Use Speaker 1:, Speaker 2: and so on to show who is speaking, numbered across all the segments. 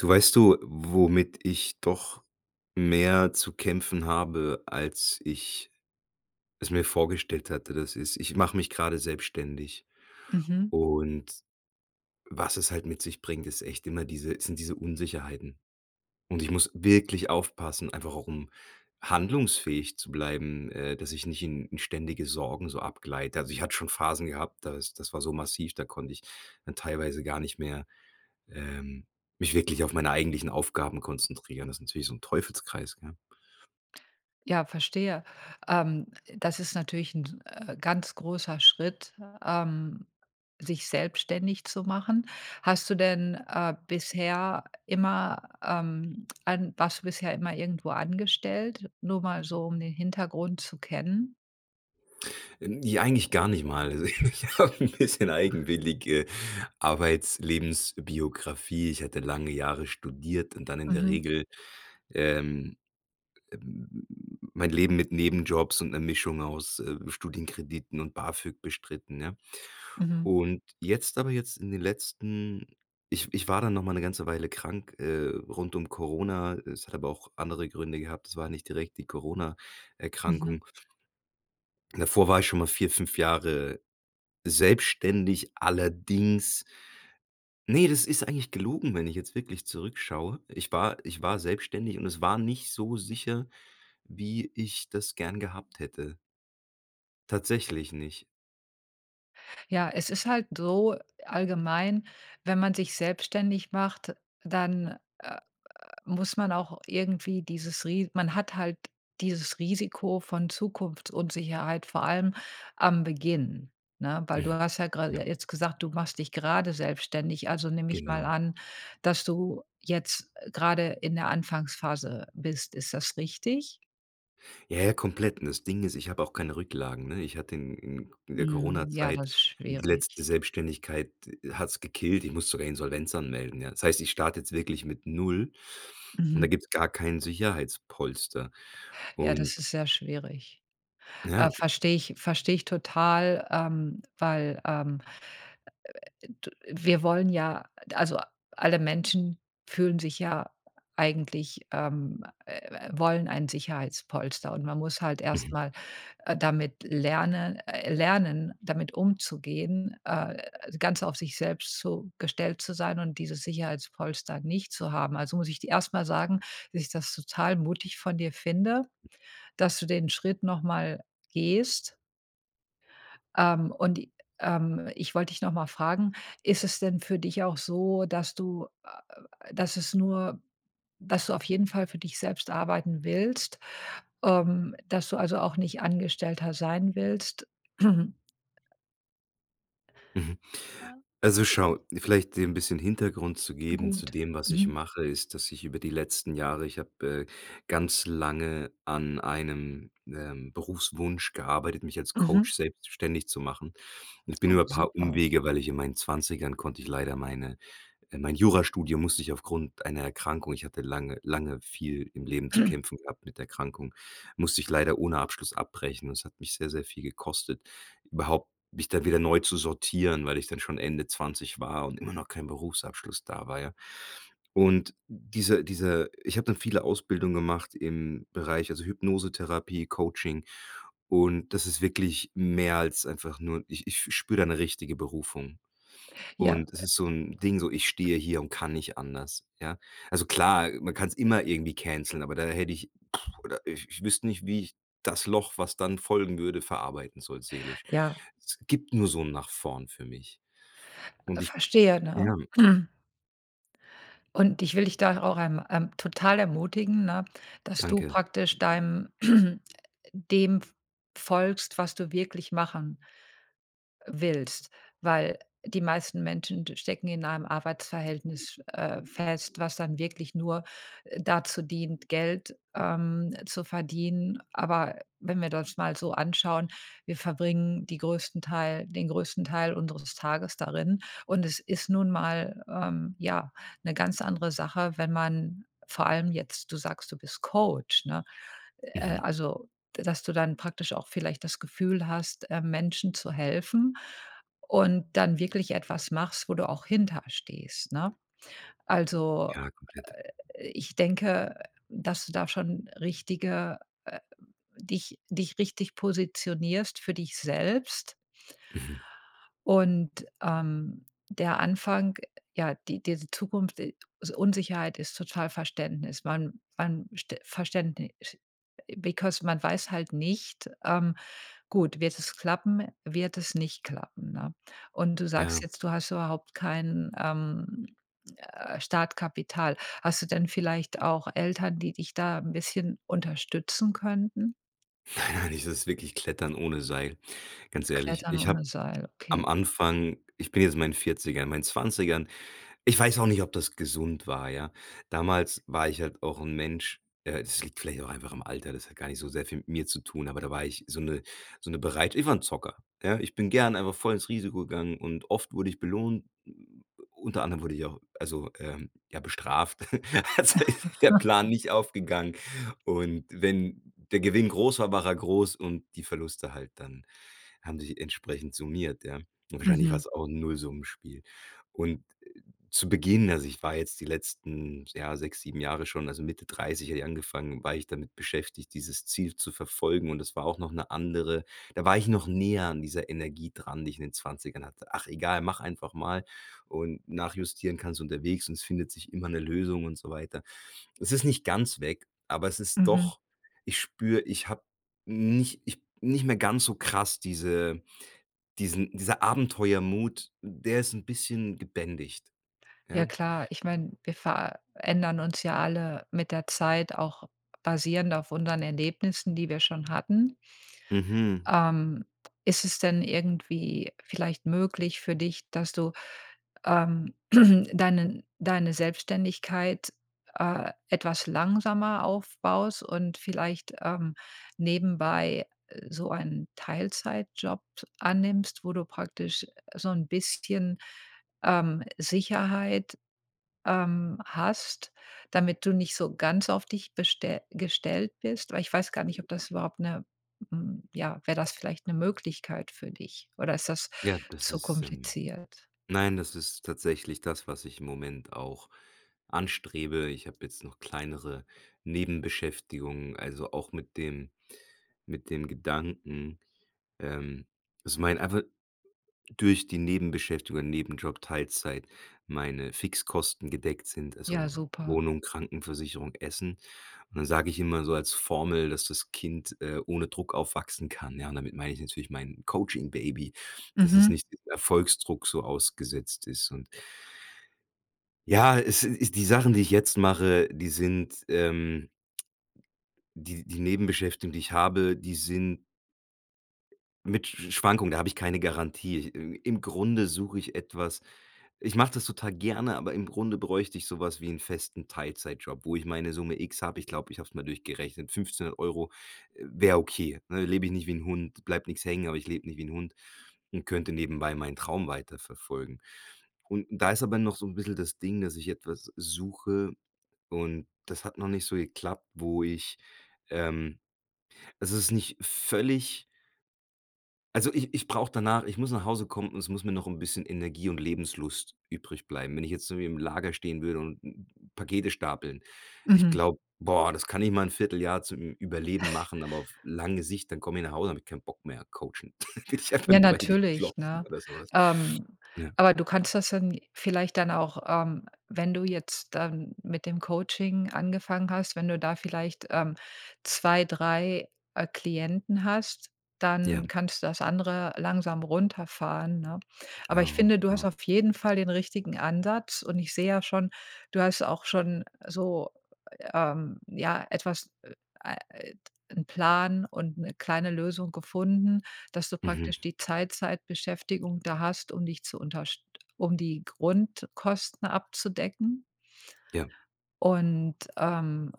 Speaker 1: Du, weißt du, womit ich doch mehr zu kämpfen habe, als ich es mir vorgestellt hatte? Das ist, ich mach mich grade selbstständig.
Speaker 2: Mhm.
Speaker 1: Und was es halt mit sich bringt, ist echt immer diese sind diese Unsicherheiten und ich muss wirklich aufpassen, einfach auch um handlungsfähig zu bleiben, äh, dass ich nicht in in ständige Sorgen so abgleite. Also ich hatte schon Phasen gehabt, das das war so massiv, da konnte ich dann teilweise gar nicht mehr, ähm, mich wirklich auf meine eigentlichen Aufgaben konzentrieren. Das ist natürlich so ein Teufelskreis, ja.
Speaker 2: Ja, verstehe. Ähm, das ist natürlich 'n, äh, ganz großer Schritt, ähm, sich selbstständig zu machen. Hast du denn, äh, bisher immer, ähm, an warst du bisher immer irgendwo angestellt, nur mal so um den Hintergrund zu kennen?
Speaker 1: Ähm, ja, eigentlich gar nicht mal. Also ich habe 'n bisschen eigenwillige Arbeits, Lebensbiografie. Ich hatte lange Jahre studiert und dann in der
Speaker 2: Mhm.
Speaker 1: Regel, ähm, äh, mein Leben mit Nebenjobs und 'ner Mischung aus, äh, Studienkrediten und Bafög bestritten, ne?
Speaker 2: Mhm.
Speaker 1: Und jetzt aber jetzt in den letzten ich ich war dann noch mal 'ne ganze Weile krank, äh, rund um Corona, es hat aber auch andere Gründe gehabt. Es war nicht direkt die
Speaker 2: Mhm.
Speaker 1: Corona-Erkrankung. Davor war ich schon mal 4, 5 Jahre selbstständig, allerdings ne, das ist eigentlich gelogen, wenn ich jetzt wirklich zurückschaue. Ich war ich war selbstständig und es war nicht so sicher, wie ich das gern gehabt hätte. Tatsächlich nicht.
Speaker 2: Ja, es ist halt so allgemein, wenn man sich selbstständig macht, dann, äh, äh, muss man auch irgendwie dieses Ri man hat halt dieses Risiko von Zukunftsunsicherheit, vor allem am Beginn, ne? Weil du hast ja gerade
Speaker 1: Ja.
Speaker 2: je jetzt gesagt: „Du machst dich gerade selbstständig“. Also, nehme ich mal
Speaker 1: Genau.
Speaker 2: an, dass du jetzt, äh, gerade in der Anfangsphase bist. Ist das richtig?
Speaker 1: Ja, ja, komplett und das Ding ist, ich habe auch keine Rücklagen, ne? Ich hatte in in in der
Speaker 2: Mhm, ja,
Speaker 1: Coronazeit,
Speaker 2: das ist
Speaker 1: die
Speaker 2: schwierig.
Speaker 1: letzte Selbstständigkeit d hat es gekillt. Ich musste sogar Insolvenz anmelden, ja. Das heißt, ich starte jetzt wirklich mit 0 und da
Speaker 2: Mhm.
Speaker 1: gibt es gar kein Sicherheitspolster.
Speaker 2: Ja, das
Speaker 1: Und
Speaker 2: ist sehr schwierig. Ah,
Speaker 1: Ja.
Speaker 2: verstehe ich verstehe ich total, ähm, weil, ähm, äh, d wir wollen ja also, alle Menschen fühlen sich ja eigentlich ähm, äh, äh, wollen ein Sicherheitspolster und man muss halt erst
Speaker 1: Mhm.
Speaker 2: mal, äh, damit lerne äh, lernen, damit umzugehen, äh, ganz auf sich selbst zu gestellt zu sein und dieses Sicherheitspolster nicht zu haben. Also, muss ich dir erst mal sagen, dass ich das total mutig von dir finde, dass du den Schritt noch mal gehst ähm, und i ähm, ich wollte dich noch mal fragen, ist es denn für dich auch so, dass du, äh dass es nur dass du auf jeden Fall für dich selbst arbeiten willst, ähm, dass du, also, auch nicht Angestellter sein willst?
Speaker 1: Mhm. Also, schau, vielleicht dir 'n bisschen Hintergrund zu geben zu
Speaker 2: Gut,
Speaker 1: dem, was ich
Speaker 2: mhm.
Speaker 1: mache, ist, dass ich über die letzten Jahre ich habe, äh, ganz lange an einem, ähm, Berufswunsch gearbeitet, mich als
Speaker 2: Mhm.
Speaker 1: Coach selbstständig zu machen. Ich bin
Speaker 2: Oh,
Speaker 1: über paar
Speaker 2: super.
Speaker 1: Umwege, weil ich in meinen 20ern konnte ich leider meine, äh mein Jurastudium musste ich aufgrund einer Erkrankung ich hatte lange, lange viel im Leben zu kämpfen gehabt mit Erkrankungen, musste ich leider ohne Abschluss abbrechen. Das hat mich sehr, sehr viel gekostet, überhaupt mich da wieder neu zu sortieren, weil ich dann schon Ende 20 war und immer noch kein Berufsabschluss da war, ja. Und diese diese ich habe dann viele Ausbildungen gemacht im Bereich, also, Hypnosetherapie, Coaching und das ist wirklich mehr als einfach nur ich ich f spüre da eine richtige Berufung.
Speaker 2: Ja,
Speaker 1: Und es
Speaker 2: äh
Speaker 1: ist so 'n Ding, so, ich stehe hier und kann nicht anders, ja? Also, klar, man kann's immer irgendwie canceln, aber da hätte ich oder ich ich wüsste nicht, wie ich das Loch, was dann folgen würde, verarbeiten soll seelisch.
Speaker 2: Ja.
Speaker 1: Es gibt nur so 'n nach vorne für mich. Und ich
Speaker 2: Verstehe, ne?
Speaker 1: ja.
Speaker 2: Und ich will dich da auch, ähm, ähm, total ermutigen, ne, dass du
Speaker 1: Danke.
Speaker 2: praktisch deinem dem f folgst, was du wirklich machen willst, weil die meisten Menschen stecken in einem Arbeitsverhältnis, äh, fest, was dann wirklich nur, äh, dazu dient, Geld, ähm, zu verdienen. Aber wenn wir das mal so anschauen, wir verbringen die größten Teil den größten Teil unseres Tages darin und es ist nun mal, ähm, ja, 'ne ganz andere Sache, wenn man vor allem jetzt du sagst, du bist Coach, ne? Äh,
Speaker 1: Mhm.
Speaker 2: also, dass du dann praktisch auch vielleicht das Gefühl hast, äh, Menschen zu helfen und dann wirklich etwas machst, wo du auch hinter stehst, ne? Also,
Speaker 1: Ja, komplett.
Speaker 2: äh, ich denke, dass du da schon richtige, äh dich dich richtig positionierst, für dich selbst.
Speaker 1: Mhm.
Speaker 2: Und, ähm, der Anfang ja, die diese Zukunft i also, Unsicherheit ist total Verständnis. Man man St Verständnis, because man weiß halt nicht ähm, gut, wird es klappen, wird es nicht klappen, ne? Und du
Speaker 1: Ja.
Speaker 2: sagst jetzt, du hast überhaupt kein, ähm, äh, Startkapital. Hast du denn vielleicht auch Eltern, die dich da 'n bisschen unterstützen könnten?
Speaker 1: Nein, nein, das ist wirklich klettern ohne Seil. Ganz ehrlich,
Speaker 2: Klettern
Speaker 1: ich
Speaker 2: ohne
Speaker 1: habe
Speaker 2: Seil,
Speaker 1: am
Speaker 2: okay.
Speaker 1: Anfang ich bin jetzt in meinen 40ern, in meinen 20ern ich weiß auch nicht, ob das gesund war, ja? Damals war ich halt auch 'n Mensch, äh das liegt vielleicht auch einfach am Alter, das hat gar nicht so sehr viel mit mir zu tun, aber da war ich so' ne so' ne bereit ich war 'n Zocker, ja? Ich bin gerne einfach volles Risiko gegangen und oft wurde ich belohnt. Unter anderem wurde ich auch also, ähm, ja, bestraft. Also, ist der Plan nicht aufgegangen. Und wenn der Gewinn groß war, war er groß und die Verluste halt dann haben sich entsprechend summiert, ja. Wahrscheinlich war
Speaker 2: Mhm.
Speaker 1: es auch 'n Nullsummenspiel. Und zu Beginn also, ich war jetzt die letzten, ja, 6, 7 Jahre schon, also, Mitte 30 hatte ich angefangen, war ich damit beschäftigt, dieses Ziel zu verfolgen und es war auch noch 'ne andere da war ich noch näher an dieser Energie dran, die ich in den 20ern hatte. „Ach egal, mach einfach mal und nachjustieren kannst unterwegs und es findet sich immer 'ne Lösung.“ Und so weiter. Es ist nicht ganz weg, aber es ist
Speaker 2: Mhm.
Speaker 1: doch ich spüre, ich habe nicht ich nicht mehr ganz so krass diese diesen diese Abenteuermut, der ist 'n bisschen gebändigt,
Speaker 2: Ja
Speaker 1: ja?
Speaker 2: klar, ich meine, wir verändern uns ja alle mit der Zeit auch basierend auf unseren Erlebnissen, die wir schon hatten.
Speaker 1: Mhm.
Speaker 2: Ähm, ist es denn irgendwie vielleicht möglich für dich, dass du, ähm, deinen deine Selbstständigkeit, äh, etwas langsamer aufbaust und vielleicht, ähm, nebenbei so einen Teilzeitjob annimmst, wo du praktisch so 'n bisschen, ähm, Sicherheit, ähm, hast, damit du nicht so ganz auf dich beste gestellt bist? Weil ich weiß gar nicht, ob das überhaupt 'ne, hm ja, wäre das vielleicht eine Möglichkeit für dich oder ist das
Speaker 1: Ja, das
Speaker 2: zu
Speaker 1: ist, ähm
Speaker 2: kompliziert?
Speaker 1: nein, das ist tatsächlich das, was ich im Moment auch anstrebe. Ich habe jetzt noch kleinere Nebenbeschäftigungen, also, auch mit dem mit dem Gedanken, ähm, dass mein einfach durch die Nebenbeschäftigungen, Nebenjob, Teilzeit meine Fixkosten gedeckt sind,
Speaker 2: Ja,
Speaker 1: also
Speaker 2: super.
Speaker 1: Wohnung, Krankenversicherung, Essen. Und dann sage ich immer so als Formel, dass das Kind, äh, ohne Druck aufwachsen kann, ja, und damit meine ich natürlich mein Coaching-Baby, dass es
Speaker 2: Mhm.
Speaker 1: nicht Erfolgsdruck so ausgesetzt ist. Und ja, es ist die Sachen, die ich jetzt mache, die sind, ähm die die Nebenbeschäftigung, die ich habe, die sind mit Sch Schwankung, da habe ich keine Garantie. Im im Grunde suche ich etwas ich mache das total gerne, aber im Grunde bräuchte ich sowas wie 'n festen Teilzeitjob, wo ich meine Summe x habe. Ich glaube, ich habe es mal durchgerechnet 1500 €, äh, wäre okay, ne? Lebe ich nicht wie 'n Hund. Bleibt nix hängen, aber ich lebe nicht wie 'n Hund und könnte nebenbei meinen Traum weiterverfolgen. Und da ist aber noch so 'n bisschen das Ding, dass ich etwas suche und das hat noch nicht so geklappt, wo ich, ähm es ist nicht völlig also, ich ich brauche danach ich muss nach Hause kommen und es muss mir noch 'n bisschen Energie und Lebenslust übrig bleiben. Wenn ich jetzt irgendwie im Lager stehen würde und Pakete stapeln. Ich
Speaker 2: Mhm.
Speaker 1: glaube, boah, das kann ich mal 'n Vierteljahr zum Ü Überleben machen, aber auf lange Sicht, dann komme ich nach Hause, habe ich keinen Bock mehr, coachen. Dann will ich einfach
Speaker 2: Ja,
Speaker 1: nur, weiß ich nicht,
Speaker 2: natürlich,
Speaker 1: glotzen
Speaker 2: ne?
Speaker 1: oder so was.
Speaker 2: Ähm,
Speaker 1: Ja.
Speaker 2: aber du kannst das dann vielleicht dann auch, ähm wenn du jetzt dann mit dem Coaching angefangen hast, wenn du da vielleicht, ähm, 2, 3, äh, Klienten hast, dann
Speaker 1: Ja.
Speaker 2: kannst du das andere langsam runterfahren, ne? Aber ich
Speaker 1: Genau,
Speaker 2: finde, du hast
Speaker 1: genau.
Speaker 2: auf jeden Fall den richtigen Ansatz und ich sehe ja schon, du hast auch schon so, ähm ja, etwas, äh, a äh, d 'n Plan und 'ne kleine Lösung gefunden, dass du
Speaker 1: Mhm.
Speaker 2: praktisch die Teilzeitbeschäftigung da hast, um dich zu unterst um die Grundkosten abzudecken.
Speaker 1: Ja.
Speaker 2: Und, ähm,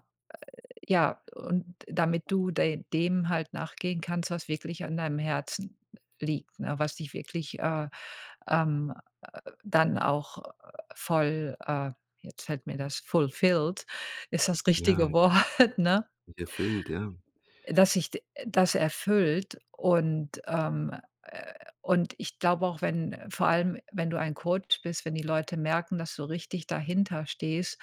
Speaker 2: äh ja, und damit du de dem halt nachgehen kannst, was wirklich an deinem Herzen liegt, ne? Was dich wirklich, äh, ähm, dann auch voll, äh jetzt fällt mir das fulfilled ist das
Speaker 1: Ja.
Speaker 2: richtige Wort, ne?
Speaker 1: Erfüllt, ja.
Speaker 2: Dass sich d das erfüllt und, ähm, äh und ich glaube auch, wenn vor allem wenn du ein Coach bist, wenn die Leute merken, dass du richtig dahinter stehst,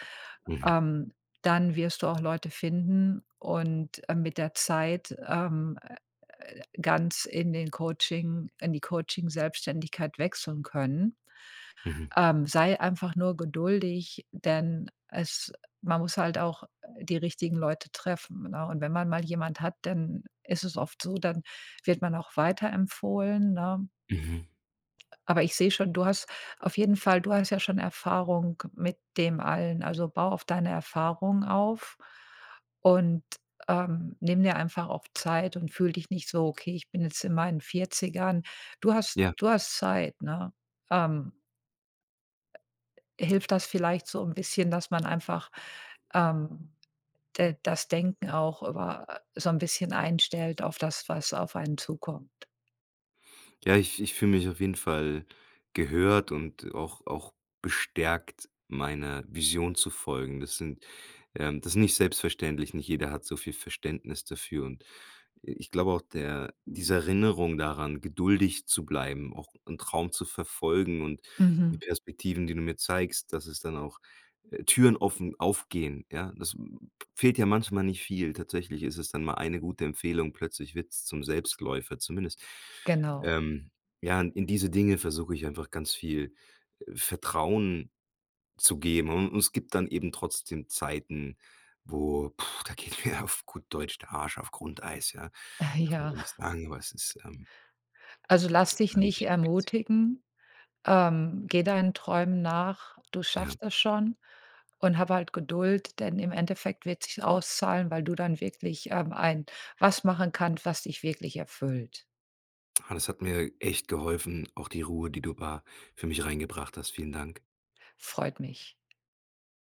Speaker 1: Mhm.
Speaker 2: ähm, dann wirst du auch Leute finden und, äh, mit der Zeit, ähm, äh, ganz in den Coaching in die Coaching-Selbstständigkeit wechseln können.
Speaker 1: Mhm.
Speaker 2: Ähm, sei einfach nur geduldig, denn es man muss halt auch die richtigen Leute treffen, ne? Und wenn man mal jemand hat, dann ist es oft so, dann wird man auch weiterempfohlen, ne?
Speaker 1: Mhm.
Speaker 2: Aber ich sehe schon, du hast auf jeden Fall du hast ja schon Erfahrung mit dem allen. Also, baue auf deine Erfahrungen auf, und, ähm, nimm dir einfach auf Zeit und fühl dich nicht so: „Okay, ich bin jetzt in meinen 40ern.“ Du hast
Speaker 1: Ja.
Speaker 2: du hast Zeit, ne? Ähm hilft das vielleicht so 'n bisschen, dass man einfach, ähm, de das Denken auch über so 'n bisschen einstellt auf das, was auf einen zukommt?
Speaker 1: Ja, ich ich fühle mich auf jeden Fall gehört und auch auch bestärkt, meiner Vision zu folgen. Das sind, ähm das ist nicht selbstverständlich, nicht jeder hat so viel Verständnis dafür und, äh, ich glaube auch, der diese Erinnerung daran, geduldig zu bleiben, auch 'n Traum zu verfolgen und die
Speaker 2: Mhm.
Speaker 1: Perspektiven, die du mir zeigst, dass es dann auch äh, Türen offen aufgehen, ja? Das fehlt ja manchmal nicht viel. Tatsächlich ist es dann mal eine gute Empfehlung, plötzlich wird es zum Selbstläufer. Zumindest,
Speaker 2: Genau.
Speaker 1: ähm ja, in in diese Dinge versuche ich einfach ganz viel Vertrauen zu geben, un und es gibt dann eben trotzdem Zeiten, wo, puh, da geht mir ja auf gut Deutsch, der Arsch, auf Grundeis, ja? Darf man
Speaker 2: Ja.
Speaker 1: so nicht sagen, aber es ist, ähm
Speaker 2: Also, lass dich nicht
Speaker 1: wirklich kompliziert.
Speaker 2: ermutigen. Ähm, gehe deinen Träumen nach, du
Speaker 1: Ja.
Speaker 2: schaffst das schon und habe halt Geduld, denn im Endeffekt wird sich's auszahlen, weil du dann wirklich, ähm, ein was machen kannst, was dich wirklich erfüllt.
Speaker 1: Ah, das hat mir echt geholfen, auch die Ruhe, die du da für mich reingebracht hast. Vielen Dank.
Speaker 2: Freut mich.